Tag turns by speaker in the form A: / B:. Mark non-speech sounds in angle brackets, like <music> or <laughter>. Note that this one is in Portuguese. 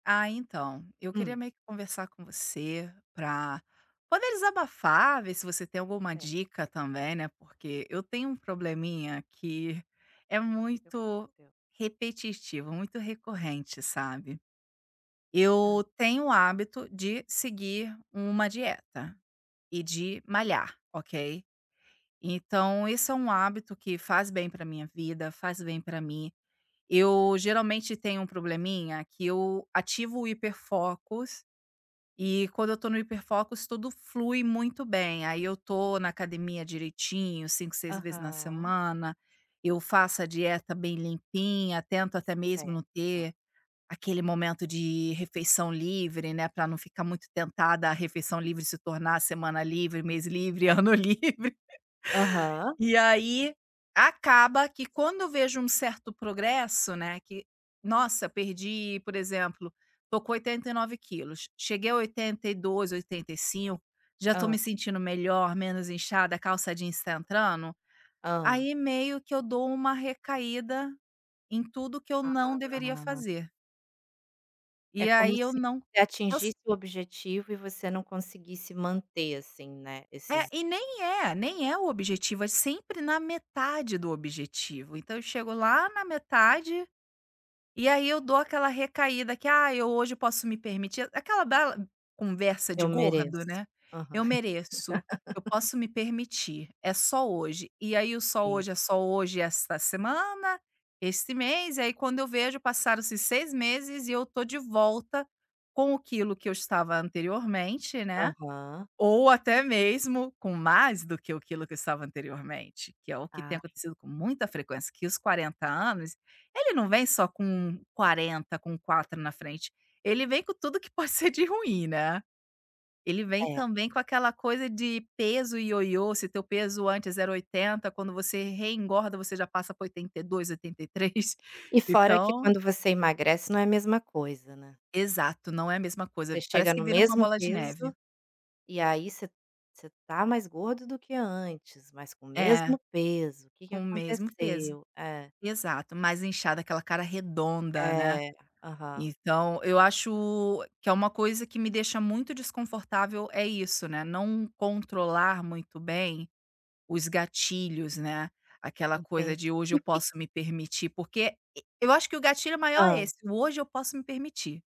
A: Ah, então, eu queria
B: Hum.
A: meio que conversar com você pra poder desabafar, ver se você tem alguma
B: Cer
A: dica também, né, porque eu tenho um probleminha que é
B: Que que tá
A: muito
B: acontecendo?
A: repetitivo, muito recorrente, sabe.
B: Hã.
A: Eu tenho o hábito de seguir uma dieta e de malhar, ok? Então esse é um hábito que faz bem pra minha vida, faz bem pra mim. Eu geralmente tenho um probleminha que eu ativo o hiperfocos e quando eu tô no hiperfocos tudo flui muito bem, aí eu tô na academia direitinho 5, 6 vezes na
B: Aham.
A: semana, eu faço a dieta bem limpinha, tento até
B: C
A: mesmo não
B: certo.
A: ter aquele momento de refeição livre, né, pra não ficar muito tentada à refeição livre se tornar a semana livre, mês livre,
B: É.
A: ano livre. <laughs>
B: Aham.
A: E, aí, acaba que quando eu vejo um certo progresso, né, que, nossa, perdi por exemplo, tô com 89 quilos, cheguei a 82, 85, já tô
B: Hã.
A: me sentindo melhor, menos inchada, a calça jeans tá entrando,
B: Hã.
A: aí meio que eu dou uma recaída em tudo que eu não deveria
B: Ah.
A: fazer.
B: É
A: E
B: como
A: aí eu
B: se
A: não
B: você
A: os
B: atingisse o objetivo e você não conseguisse manter, assim, né,
A: É,
B: esses
A: e nem é, nem é o objetivo, é sempre na metade do objetivo. Então eu chego lá na metade e aí eu dou aquela recaída, que: "Ai, eu hoje posso me permitir". Aquela bela conversa de
B: "Eu
A: gordo,
B: mereço".
A: né:
B: Aham.
A: "Eu mereço, eu
B: <laughs>
A: posso me permitir, é só hoje". E aí o só
B: Sim.
A: hoje, é só hoje e essa semana, esse mês, e aí quando eu vejo passaram-se 6 meses e eu tô de volta com o quilo que eu estava anteriormente, né.
B: Aham.
A: Ou até mesmo com mais do que o quilo que eu estava anteriormente, que é o que tem
B: Ai.
A: acontecido com muita frequência. Que os 40 anos, ele não vem só com 40, com 4 na frente, ele vem com tudo que pode ser de ruim, né. Ele vem
B: É.
A: também com aquela coisa de peso ioiô, se teu peso antes era 80, quando você reengorda você já passa pra 82, 83,
B: E fora que
A: <chuckles> então
B: quando você emagrece não é a mesma coisa, né?
A: Exato, não é a mesma
B: Você
A: coisa,
B: chega
A: parece que
B: no
A: vira uma
B: mesmo
A: bola de
B: peso
A: neve.
B: e aí você você tá mais gordo do que antes, mas com o
A: É,
B: mesmo peso, o que que
A: com o mesmo peso.
B: aconteceu? É.
A: Exato, mais inchada, aquela cara redonda, né.
B: É, aham.
A: Então eu acho que é uma coisa que me deixa muito desconfortável é isso, né, não controlar muito bem os gatilhos, né. Aquela coisa
B: Entendi.
A: de "hoje
B: E
A: eu
B: o que
A: posso me permitir", porque e eu acho que o gatilho maior é
B: Hã?
A: esse, o "hoje eu posso me permitir".